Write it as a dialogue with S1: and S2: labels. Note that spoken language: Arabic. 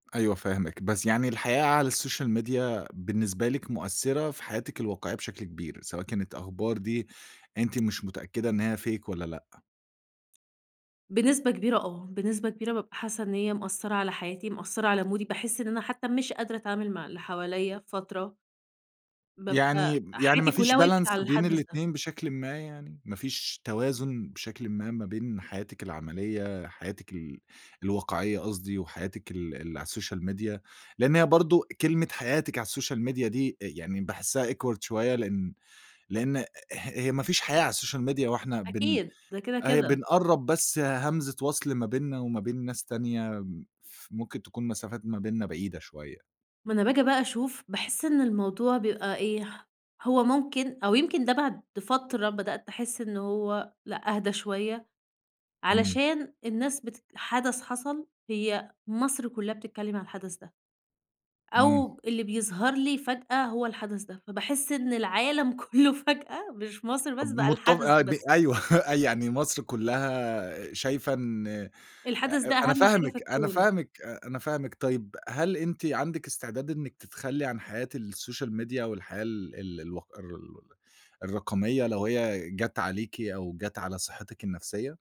S1: أيوه فاهمِك، بس يعني الحقيقة على السوشيال ميديا بالنسبة لِك مؤثّرة في حياتِك الواقعية بشكل كبير، سواء كانت الأخبار دي أنتِ مش متأكدة إن هي Fake والّا لأ.
S2: بنسبة كبيرة آه. بنسبة كبيرة بابقى حاسّة إن هي مأثّرة على حياتي مأثّرة، على مودي. باحس إن أنا حتّى مش قادرة أتعامل مع اللي حواليّا فترة. بابقى
S1: يعني يعني ما
S2: حياتي
S1: فيش
S2: كُلّها وقفت
S1: balance
S2: على
S1: بين
S2: الحدث ده.
S1: الاتنين بشكلٍ ما يعني؟ ما فيش توازن بشكلٍ ما، ما بين حياتك العملية حياتِك ال الواقعية قصدي وحياتِك ال ال على السوشيال ميديا؟ لإن هي برضه كلمة حياتِك على السوشيال ميديا دي أ يعني باحسّها awkward شوية لإن لإن اه هي ما فيش حياة على السوشيال ميديا وإحنا بن
S2: أكيد ده كده،
S1: أهي
S2: كده.
S1: بنقرّب بس همزة وَصْل ما بيننا وما بين ناس تانية م ف ممكن تكون مسافات ما بيننا بعيدة شوية.
S2: ما أنا باجي بقى أشوف باحس إن الموضوع بيبقى إيه، هو ممكن أو يمكن ده بعد فترة بدأت أحس إنه هو لأ أهدى شوية،
S1: إمم.
S2: علشان الناس بتت حدث حصل هي مصر كُلّها بتتكلّم عن الحدث ده.
S1: إمم.
S2: أو اللي بيظهر لي فجأة هو الحدث ده، فباحس إن العالم كُلّه فجأة مش مصر
S1: طب
S2: بس، بقى
S1: مُتف
S2: الحدث
S1: آه،
S2: ده
S1: ب
S2: بس.
S1: أيوه. يعني مصر كُلّها شايفة إن أ
S2: الحدث ده
S1: أنا
S2: أهَم حاجة في
S1: فاهمِك، أنا
S2: الكون.
S1: فاهمِك، أ أنا فاهمِك طيب، هل أنتِ عندِك استعداد إنِّك تتخلّي عن حياة السوشيال ميديا والحياة ال ال الوق الر ال الرقمية لو هي جات عليكِ أو جات على صحّتِك النفسية؟